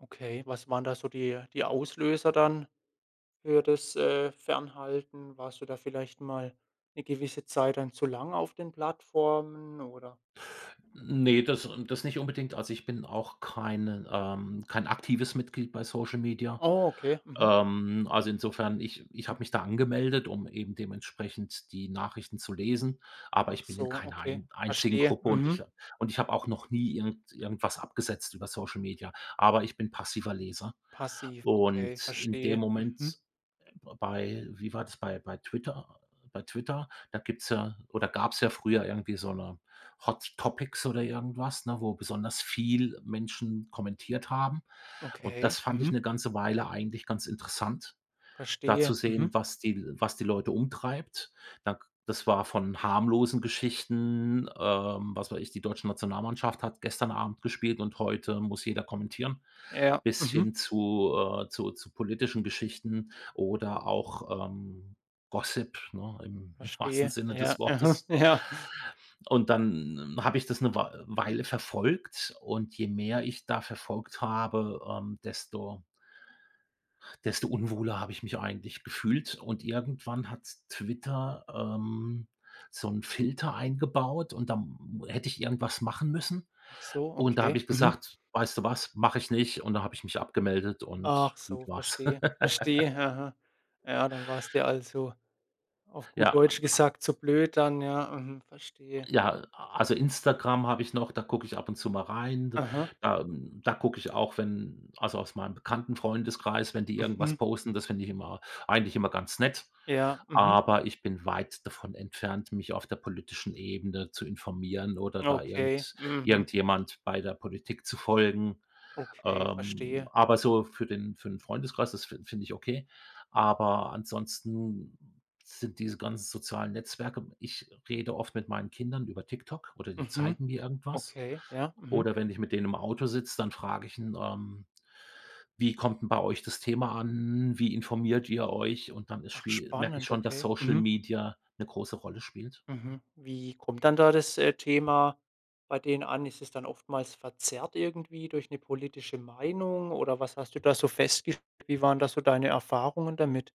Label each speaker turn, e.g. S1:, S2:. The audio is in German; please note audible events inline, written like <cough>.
S1: Okay. Was waren da so die die Auslöser dann für das, äh, Fernhalten? Warst du da vielleicht mal 'ne gewisse Zeit dann zu lang auf den Plattformen, oder?
S2: Ne, das n das nicht unbedingt. Also, ich bin auch keinen, ähm kein aktives Mitglied bei Social Media.
S1: Oh, okay. Mhm.
S2: Ähm, also insofern, ich ich habe mich da angemeldet, um eben dementsprechend die Nachrichten zu lesen, aber
S1: Ach
S2: ich bin in
S1: so,
S2: keiner
S1: okay,
S2: ein einzigen
S1: verstehe.
S2: Gruppe und ich
S1: Mhm.
S2: ha und ich habe auch noch nie irgend irgendwas abgesetzt über Social Media, aber ich bin passiver Leser.
S1: Passiv, okay,
S2: Und in dem
S1: verstehe. Mhm.
S2: Moment, äh, be bei wie war das, bei bei Twitter bei Twitter, da gibt's ja oder gab's ja früher irgendwie so 'ne Hot Topics oder irgendwas, ne, wo besonders viel Menschen kommentiert haben. Und das
S1: Okay.
S2: fand ich
S1: Mhm.
S2: 'ne ganze Weile eigentlich ganz interessant, da zu
S1: Verstehe.
S2: sehen,
S1: Mhm.
S2: was die L was die Leute umtreibt. Da k das war von harmlosen Geschichten, ähm, was weiß ich, die deutsche Nationalmannschaft hat gestern Abend gespielt und heute muss jeder kommentieren
S1: Ja.
S2: bis
S1: Mhm.
S2: hin zu, äh, zu zu politischen Geschichten oder auch, ähm, Gossip, ne, im im wahrsten
S1: Verstehe.
S2: Sinne
S1: Ja,
S2: des
S1: mhm.
S2: Wortes.
S1: Ja.
S2: Und dann habe ich das 'ne Wei Weile verfolgt. Und je mehr ich da verfolgt habe, ähm, desto desto unwohler habe ich mich auch eigentlich gefühlt. Und irgendwann hat Twitter, ähm, so 'n Filter eingebaut und da m hätte ich irgendwas machen müssen.
S1: Ach so,
S2: Und da habe
S1: okay.
S2: ich
S1: Mhm.
S2: gesagt: „Weißt du was, mache ich nicht.“ Und da habe ich mich abgemeldet und
S1: Ach
S2: gut
S1: so,
S2: war's.
S1: verstehe,
S2: <laughs>
S1: verstehe. Mhm. Ja, dann war's dir also, auf
S2: Ja,
S1: gut
S2: an
S1: Deutsch
S2: a
S1: gesagt, zu blöd dann. Ja, mhm, verstehe.
S2: Ja, a also Instagram habe ich noch, da gucke ich ab und zu mal rein. D
S1: Mhm.
S2: da, hm da gucke ich auch, wenn also, aus meinem Bekannten-Freundeskreis, wenn die irgendwas
S1: Mhm.
S2: posten, das finde ich immer eigentlich immer ganz nett.
S1: Ja. Mhm.
S2: Aber ich bin weit davon entfernt, mich auf der politischen Ebene zu informieren oder da
S1: Okay,
S2: irgend
S1: mhm.
S2: irgendjemand bei der Politik zu folgen.
S1: Okay.
S2: Ähm,
S1: Verstehe.
S2: aber so für den für 'n Freundeskreis, das fi finde ich okay. Aber ansonsten sind diese ganzen sozialen Netzwerke ich rede oft mit meinen Kindern über TikTok oder die
S1: Mhm.
S2: zeigen mir irgendwas.
S1: Okay, ja. Mhm.
S2: Oder wenn ich mit denen im Auto sitze, dann frage ich n ähm: „Wie kommt 'n bei euch das Thema an? Wie informiert ihr euch?“ Und dann ist
S1: Ach
S2: schwie merke ich
S1: spannend.
S2: schon, dass
S1: Okay,
S2: Social
S1: mhm.
S2: Media 'ne große Rolle spielt.
S1: Mhm. Wie kommt dann da das, äh, Thema bei denen an? Ist es dann oftmals verzerrt irgendwie durch 'ne politische Meinung oder was hast du da so festgest Wie waren da so deine Erfahrungen damit?